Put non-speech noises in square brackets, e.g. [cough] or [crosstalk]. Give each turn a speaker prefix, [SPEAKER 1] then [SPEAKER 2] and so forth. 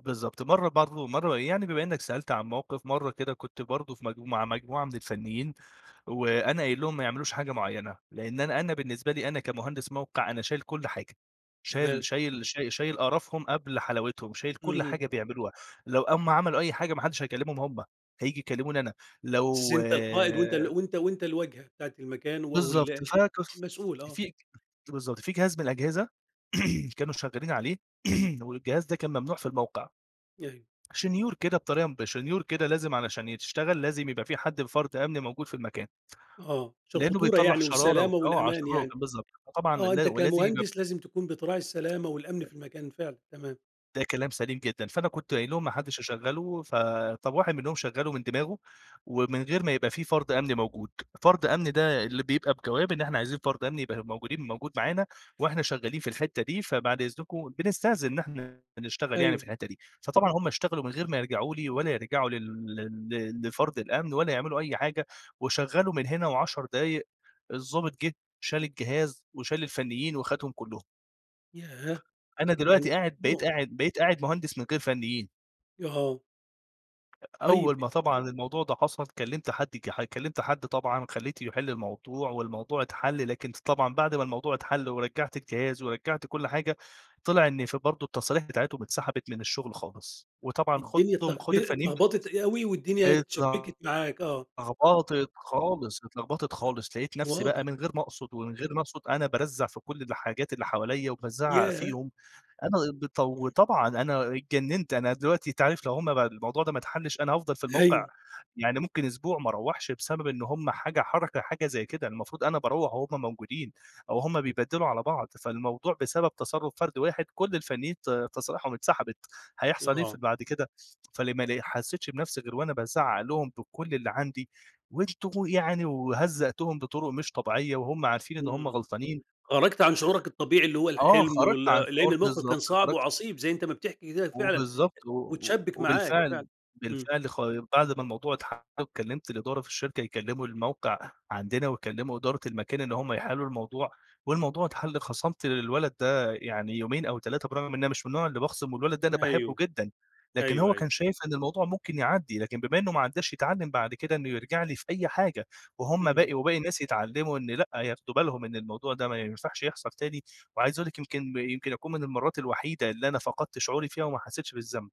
[SPEAKER 1] بالضبط. مرّة برضه مرّة يعني بما إنّك سألت عن موقف، مرّة كده كنت برضه في مج ومع مجموعة من الفنّيين، وأنا قايل لهم ما يعملوش حاجة معيّنة، لإن أنا أنا بالنسبة لي أنا كمهندس موقع، أنا شايل كل حاجة. شايل
[SPEAKER 2] تمام.
[SPEAKER 1] شايل ش شايل قرفهم قبل حلاوتهم، شايل كل
[SPEAKER 2] اهم.
[SPEAKER 1] حاجة بيعملوها. لو أمّا عملوا أي حاجة ما حدّش هيكلّمهم هم، هييجي يكلّموني أنا.
[SPEAKER 2] بس
[SPEAKER 1] لو
[SPEAKER 2] أنت القائد وأنت ال وأنت وأنت الواجهة بتاعة المكان و
[SPEAKER 1] بالضبط.
[SPEAKER 2] وال
[SPEAKER 1] فكف
[SPEAKER 2] المسؤول آه.
[SPEAKER 1] في ت بالضبط. في جهاز من الأجهزة [clears throat] كانوا شغّالين عليه [clears throat] والجهاز ده كان ممنوع في الموقع.
[SPEAKER 2] أيوه.
[SPEAKER 1] شنيور كده بطري ب شنيور كده لازم علشان يت تشتغل، لازم يبقى في حد فرد أمن موجود في المكان.
[SPEAKER 2] آه. عشان
[SPEAKER 1] لإنّه
[SPEAKER 2] الخطورة
[SPEAKER 1] بيطلع
[SPEAKER 2] يعني
[SPEAKER 1] شرارة
[SPEAKER 2] والسلامة
[SPEAKER 1] وآه علشان
[SPEAKER 2] والأمان
[SPEAKER 1] [unintelligible]
[SPEAKER 2] يعني.
[SPEAKER 1] بالضبط. فطبعًا
[SPEAKER 2] آه.
[SPEAKER 1] لا
[SPEAKER 2] أنت
[SPEAKER 1] ولازم يجب
[SPEAKER 2] كمهندس لازم تكون بتراعي السلامة والأمن
[SPEAKER 1] أ
[SPEAKER 2] في المكان فعلًا تمام.
[SPEAKER 1] ده كلام سليم جدًا. فأنا كنت
[SPEAKER 2] إمم.
[SPEAKER 1] قايل لهم ما حدّش يشغّله، فطب واحد منهم شغّله من دماغه، ومن غير ما يبقى في فرد أمني موجود. فرد أمني ده اللي بيبقى بجواب إن إحنا عايزين فرد أمني يبقى موجودين موجود معانا وإحنا شغّالين في الحتّه دي فبعد إذنكم، بنستأذن إن إحنا بنشتغل يعني في
[SPEAKER 2] أيوه.
[SPEAKER 1] الحتّه دي. فطبعًا هم اشتغلوا من غير ما يرجعوا لي، ولا يرجعوا لل لل ل لفرد الأمن ولا يعملوا أي حاجة، وشغّلوا من هنا و10 دقايق الضابط جِه شال الجهاز، وشال الفنّيين وخدهم كُلّهم.
[SPEAKER 2] ياه!
[SPEAKER 1] أنا دلوقتي
[SPEAKER 2] يعني
[SPEAKER 1] قاعد بقيت
[SPEAKER 2] [unintelligible]
[SPEAKER 1] قاعد بقيت قاعد مهندس من غير فنّيين.
[SPEAKER 2] يا آه. طيب
[SPEAKER 1] أول
[SPEAKER 2] أ
[SPEAKER 1] ما طبعًا الموضوع ده حصل، كلّمت حد ج ح كلّمت حد طبعًا خلّيته يحِل الموضوع، والموضوع اتحَل لكن ط طبعًا بعد ما الموضوع اتحَل ورجّعت الجهاز، ورجّعت كل حاجة، طلع إن في برضه التصاريح بتاعتهم اتسحبت من الشغل خالص. وطبعًا
[SPEAKER 2] الدنيا
[SPEAKER 1] خدهم
[SPEAKER 2] اتلغب
[SPEAKER 1] خد الفنيين [unintelligible]
[SPEAKER 2] اتلغبطت أوي والدنيا
[SPEAKER 1] اتل
[SPEAKER 2] اتشبِّكت معاك آه.
[SPEAKER 1] لغبطت خالص، اتلغبطت خالص لقيت
[SPEAKER 2] [clears throat]
[SPEAKER 1] نفسي
[SPEAKER 2] واضح.
[SPEAKER 1] بقى من غير ما أقصد ومن غير ما أقصد أنا بارزع في كل الحاجات اللي حواليّا، وبازعّق
[SPEAKER 2] ياه!
[SPEAKER 1] فيهم ،أنا بطو
[SPEAKER 2] إمم.
[SPEAKER 1] وطبعًا أنا اتجننت أنا دلوقتي أنت عارف لو هم بقى الموضوع ده ما اتحلّش أنا هأفضل في الموقع
[SPEAKER 2] أيوه.
[SPEAKER 1] يعني ممكن أسبوع ما أروّحش بسبب إن هم حاجة حركة حاجة زي كده المفروض أنا باروّح وهم موجودين، أو هم
[SPEAKER 2] إمم.
[SPEAKER 1] بيبدّلوا على بعض فالموضوع بسبب تصرُّف فرد واحد كل الفنيّين ت تصاريحهم اتسحبت هيحصل إيه في
[SPEAKER 2] آه.
[SPEAKER 1] بعد كده؟ فلمّا ل حسّيتش بنفسي غير وأنا بازعّق لهم بكل اللي عندي، وأنتم يعني وهزّقتهم بطرق مش طبيعية وهم عارفين إن هم
[SPEAKER 2] إمم.
[SPEAKER 1] غلطانين.
[SPEAKER 2] خرجْت عن شعورك الطبيعي اللي هو
[SPEAKER 1] آه.
[SPEAKER 2] الحلم،
[SPEAKER 1] خرجت عن
[SPEAKER 2] وال لإن
[SPEAKER 1] شعور
[SPEAKER 2] الموقف
[SPEAKER 1] بالضبط.
[SPEAKER 2] كان صعب
[SPEAKER 1] خرجت
[SPEAKER 2] وعصيب زي أنت ما بتحكي كده فعلًا
[SPEAKER 1] وبالضبط، و و
[SPEAKER 2] واتشبِّك معاك
[SPEAKER 1] وبالفعل
[SPEAKER 2] فعلًا، إمم.
[SPEAKER 1] بالفعل خا بعد ما الموضوع اتحَل وكلّمت الإدارة في الشركة يكلّموا الموقع عندنا، ويكلّموا إدارة المكان اللي هم يحِلّوا الموضوع، والموضوع اتحَل خَصَمْت للولد ده يعني يومين أو 3 برغم إن أنا مش من النوع اللي باخصِم والولد ده أنا
[SPEAKER 2] أيوه.
[SPEAKER 1] باحبه جدًا. لكن
[SPEAKER 2] أيوه،
[SPEAKER 1] هو
[SPEAKER 2] أيوه.
[SPEAKER 1] كان شايف إن الموضوع ممكن يعدّي، لكن بما إنه ما عدّاش يتعلّم بعد كده إنه يرجع لي في أي حاجة، وهُم
[SPEAKER 2] إمم.
[SPEAKER 1] باقي وباقي الناس يتعلّموا إن لأ، ياخدوا بالهم إن الموضوع ده ما ينفعش يحصل تاني وعايز أقول لك يمكن يمكن أكون من المرّات الوحيدة اللي أنا فقدت شعوري فيها وما حسّيتش بالذنب.